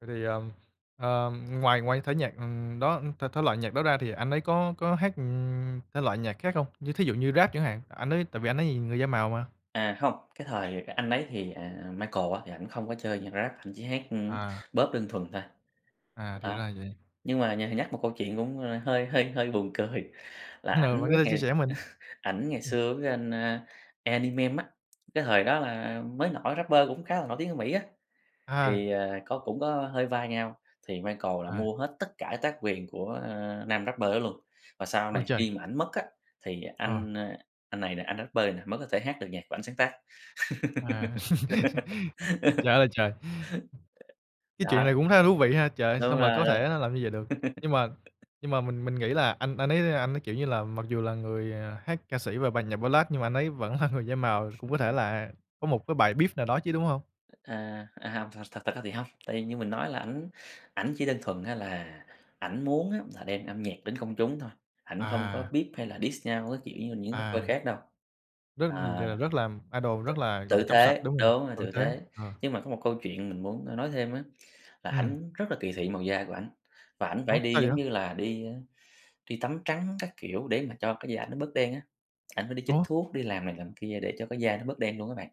Vậy thì, ờm, ờm, ngoài ngoài cái thể nhạc, ừm, đó thể thể loại nhạc đó ra thì anh ấy có có hát, ừm, thể loại nhạc khác không? Như thí dụ như Rap chẳng hạn, anh ấy tại vì anh ấy người da màu mà. À, hông, cái thời anh ấy thì, à, Michael á, thì ảnh không có chơi nhạc Rap, ảnh chỉ hát, ưm, À. Pop đơn thuần thôi. À, thì Đó, ra vậy. nhưng mà nh nhắc một câu chuyện cũng, a, hơi hơi hơi buồn cười, là Ừ, ảnh bạn có với thể lại chia sẻ mình. ảnh ngày Ừm. xưa với anh, a, Eminem á, cái thời đó là mới nổi rapper cũng khá là nổi tiếng ở Mỹ á. À. Thì, à, có cũng có hơi va nhau, thì Michael là À. mua hết tất cả tác quyền của, a, nam rapper đó luôn, và sau Ôi này trời. khi mà ảnh mất á, thì Ờ. anh, a, anh này nè, anh rapper này nè, mới có thể hát được nhạc của ảnh sáng tác. À, trời ơi là trời, cái chuyện Đó. này cũng khá là thú vị ha, trời ơi, sao Đúng mà rồi. có thể nó làm như vậy được. Nhưng mà nhưng mà mình mình nghĩ là anh anh ấy, a, anh ấy, kiểu như là, mặc dù là người, à, hát ca sĩ và bài nhạc Ballad nhưng mà anh ấy vẫn là người da màu, cũng có thể là có một cái bài beef nào đó chứ, đúng hông? À, à, hông, thật thật ra thì hông, tại vì như mình nói là ảnh ảnh chỉ đơn thuần á là ảnh muốn á là đem âm nhạc đến công chúng thôi, ảnh không có À. beef hay là diss nhau các kiểu như là những rapper À, khác đâu. rất À, r rất làm idol rất t là, gọi là, tử trong sạch, tế, đúng hông? đúng, là Tử tử tế, tế. ờ. Nhưng mà có một câu chuyện mình muốn, a, nói thêm á, là Ừm. ảnh rất là kỳ thị màu da của ảnh, và ảnh Ủa, phải đi, sao giống vậy? như là, đi á, đi tắm trắng các kiểu để mà cho cái da nó bớt đen á, ảnh phải đi chích Ủa? thuốc, đi làm này làm kia, để cho cái da nó bớt đen luôn á bạn.